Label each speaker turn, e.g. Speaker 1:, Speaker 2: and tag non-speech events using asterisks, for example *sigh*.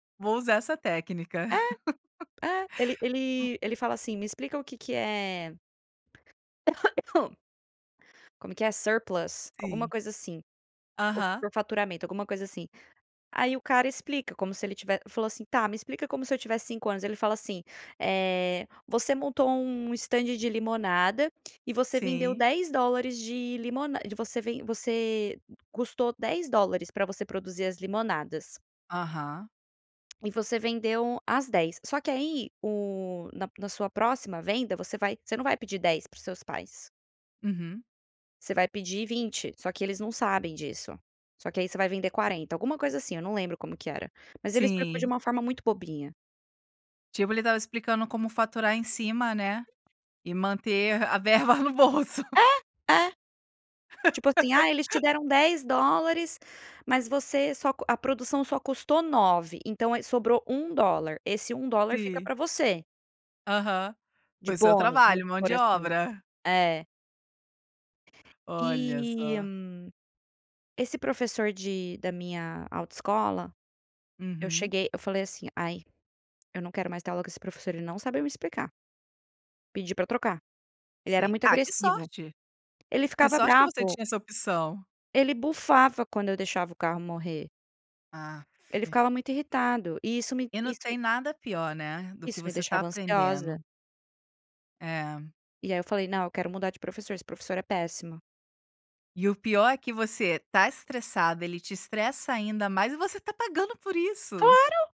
Speaker 1: Vou usar essa técnica. *laughs*
Speaker 2: É, é. Ele ele ele fala assim: "Me explica o que que é" *coughs* como é que é surplus, alguma
Speaker 1: Sim.
Speaker 2: coisa assim,
Speaker 1: Aham.
Speaker 2: *unintelligible* faturamento, alguma coisa assim. Aí o cara explica como se ele tive falou assim: "Tá, me explica como se eu tivesse 5 anos", ele fala assim: "Eh, você montou um estande de limonada e você vendeu
Speaker 1: Sim.
Speaker 2: $10 de limona de você ven você custou $10 pra você produzir as limonadas".
Speaker 1: Aham.
Speaker 2: E você vendeu as 10, só que aí o na na sua próxima venda você vai você não vai pedir 10 para os seus pais
Speaker 1: Uhum.
Speaker 2: você vai pedir 20, só que eles não sabem disso, só que aí você vai vender 40, alguma coisa assim, eu não lembro como que era, mas ele explicou de
Speaker 1: Sim.
Speaker 2: uma forma muito bobinha.
Speaker 1: Tipo, ele estava explicando como faturar em cima, né, e manter a verba no bolso.
Speaker 2: É, é. Tipo assim, ah, eles te
Speaker 1: *laughs*
Speaker 2: deram $10, mas você só co a produção só custou 9 então aí sobrou $1, esse $1 fica
Speaker 1: Sim.
Speaker 2: pra você.
Speaker 1: Aham,
Speaker 2: De
Speaker 1: foi seu
Speaker 2: bônus vamos
Speaker 1: trabalho,
Speaker 2: *unintelligible*
Speaker 1: mão
Speaker 2: por
Speaker 1: de
Speaker 2: assim.
Speaker 1: obra.
Speaker 2: É.
Speaker 1: Olha
Speaker 2: E
Speaker 1: só.
Speaker 2: esse professor de da minha autoescola, eu
Speaker 1: Uhum.
Speaker 2: cheguei eu falei assim: "Ai, eu não quero mais ter aula com esse professor, ele não sabe me explicar". Pedi pra trocar. Ele era
Speaker 1: Sim.
Speaker 2: muito
Speaker 1: Ah, que
Speaker 2: agressivo,
Speaker 1: sorte.
Speaker 2: ele
Speaker 1: Que
Speaker 2: ficava
Speaker 1: sorte que você
Speaker 2: bravo.
Speaker 1: tinha essa opção.
Speaker 2: Ele bufava quando eu deixava o carro morrer.
Speaker 1: Aff.
Speaker 2: Ele ficava muito irritado e isso me
Speaker 1: E não
Speaker 2: isso
Speaker 1: tem nada pior, né, do que
Speaker 2: isso me
Speaker 1: você tá
Speaker 2: deixava ansiosa.
Speaker 1: aprendendo É.
Speaker 2: E aí eu falei: "Não, eu quero mudar de professor, esse professor é péssimo".
Speaker 1: E o pior é que você tá estressado, ele te estressa ainda mais e você tá pagando por isso.
Speaker 2: Claro.